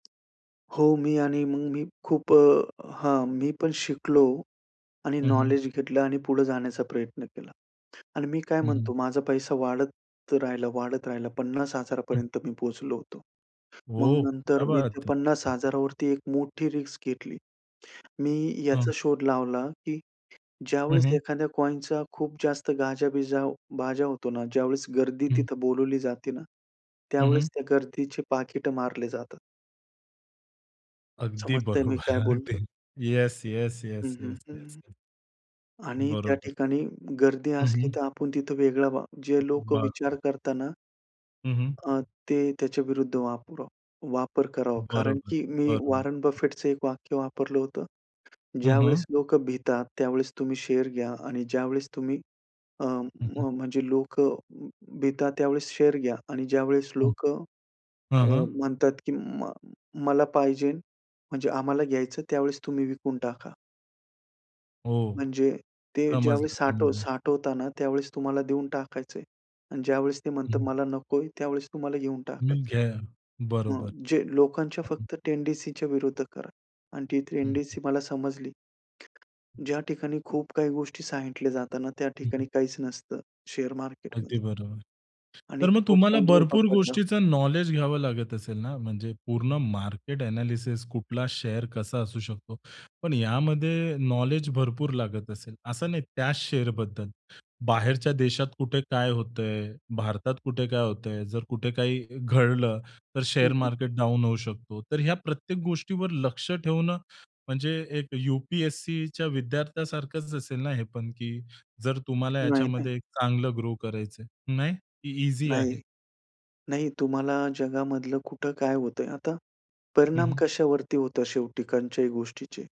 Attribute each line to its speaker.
Speaker 1: हो, मी आणि मग मी खूप अ, हां. मी पण शिकलो आणि
Speaker 2: हं, हं.
Speaker 1: नॉलेज घेतलं आणि पुढे जाण्याचा प्रयत्न केला. आणि मी काय
Speaker 2: हं, हं.
Speaker 1: म्हणतो माझा पैसा वाढत राहिला, वाढत राहिला. 50,000
Speaker 2: हं.
Speaker 1: पर्यंत मी पोहोचलो होतो. मग
Speaker 2: ओह!
Speaker 1: नंतर
Speaker 2: क्या
Speaker 1: मी त्या
Speaker 2: बात है!
Speaker 1: पन्नास
Speaker 2: हं.
Speaker 1: हजारा वरती एक मोठी रिस्क घेतली. मी
Speaker 2: हं.
Speaker 1: याचा शोध लावला, की
Speaker 2: हं,
Speaker 1: ज्यावेळेस
Speaker 2: हं.
Speaker 1: एखाद्या कॉइनचा खूप जास्त गाजा-बीजा बाजा होतो ना ज्यावेळेस गर्दी
Speaker 2: हं.
Speaker 1: तिथं बोलावली जाते ना,
Speaker 2: हं, हं.
Speaker 1: त्यावेळेस त्या गर्दीचे पाकिटं मारले जातात.
Speaker 2: अगदी
Speaker 1: समजतंय मी
Speaker 2: बरोबर.
Speaker 1: काय बोलतो आहे?
Speaker 2: अगदी. येस, येस,
Speaker 1: हं,
Speaker 2: येस,
Speaker 1: हं,
Speaker 2: येस, येस.
Speaker 1: हं. आणि त्या
Speaker 2: बरोबर.
Speaker 1: ठिकाणी गर्दी
Speaker 2: हं,
Speaker 1: असली
Speaker 2: हं.
Speaker 1: तर आपण तिथं वेगळं व्हा. जे लोकं विचार
Speaker 2: बाज
Speaker 1: करता ना
Speaker 2: हं, हं.
Speaker 1: अ, ते त्याच्याविरुद्ध वापरा वापर करावा. कारण
Speaker 2: बरोबर,
Speaker 1: की मी
Speaker 2: बरोबर.
Speaker 1: वॉरेन
Speaker 2: हं.
Speaker 1: बफेटचं एक वाक्य वापरलं होतं.
Speaker 2: हं, हं.
Speaker 1: ज्यावेळेस लोकं भितात त्यावेळेस तुम्ही शेअर घ्या आणि ज्यावेळेस तुम्ही अ,
Speaker 2: हं, हं.
Speaker 1: म्हणजे लोकं भितात त्यावेळेस शेअर घ्या आणि ज्यावेळेस
Speaker 2: हं.
Speaker 1: लोकं
Speaker 2: हं,
Speaker 1: अ,
Speaker 2: हं.
Speaker 1: म्हणतात, की म मला पाहिजेन म्हणजे आम्हाला घ्यायचं त्यावेळेस तुम्ही विकून टाका.
Speaker 2: हो.
Speaker 1: म्हणजे ते
Speaker 2: समजलं,
Speaker 1: ज्यावेळेस साठव
Speaker 2: समजलं.
Speaker 1: साठवता ना त्यावेळेस तुम्हाला देऊन टाकायचं आहे. आणि ज्यावेळेस ते म्हणतात
Speaker 2: हं.
Speaker 1: मला नको आहे, त्यावेळेस तुम्हाला घेऊन
Speaker 2: तुम्ही
Speaker 1: टाकायचं आहे.
Speaker 2: घ्या.
Speaker 1: हां.
Speaker 2: बरोबर.
Speaker 1: जे लोकांच्या
Speaker 2: [unintelligible]
Speaker 1: फक्त टेंडन्सीच्या विरुद्ध करा आणि ती
Speaker 2: हं, हं.
Speaker 1: टेंडन्सी मला समजली. [unintelligible] ज्या ठिकाणी खूप काही गोष्टी सांगितल्या जातात ना, त्या
Speaker 2: हं,
Speaker 1: ठिकाणी
Speaker 2: हं.
Speaker 1: काहीच नसतं शेअर
Speaker 2: अगदी
Speaker 1: मार्केटमध्ये.
Speaker 2: बरोबर.
Speaker 1: आणि
Speaker 2: तर मग
Speaker 1: तो
Speaker 2: तुम्हाला
Speaker 1: पॉइंट मी
Speaker 2: भरपूर
Speaker 1: पकडला.
Speaker 2: गोष्टींच नॉलेज घ्यावं लागत असेल ना, म्हणजे पूर्ण मार्केट एनालिसिस. कुठला शेअर कसा असू शकतो. पण यामध्ये नॉलेज भरपूर लागत असेल. असं नाही त्या शेअर बद्दल. बाहेरच्या देशात कुठे काय होत आहे. भारतात कुठे, कुठे काय होत आहे. जर कुठे काही घडलं, तर
Speaker 1: हं,
Speaker 2: शेअर
Speaker 1: हं.
Speaker 2: मार्केट डाउन होऊ शकतो. तर या प्रत्येक गोष्टीवर लक्ष ठेवणं म्हणजे एक यू-पी-एस-सीच्या विद्यार्थ्यासारखंच असेल ना, हे पण, की जर तुम्हाला
Speaker 1: नाही, नाही.
Speaker 2: याच्यामध्ये चांगलं ग्रो करायचंय. नाही? की ईझी
Speaker 1: नाही.
Speaker 2: आहे?
Speaker 1: नाही. तुम्हाला जगामधलं कुठं काय होतं आहे. आता
Speaker 2: हं,
Speaker 1: परिणाम
Speaker 2: हं.
Speaker 1: कशावरती होतं शेवटी कोणत्याही गोष्टीचे?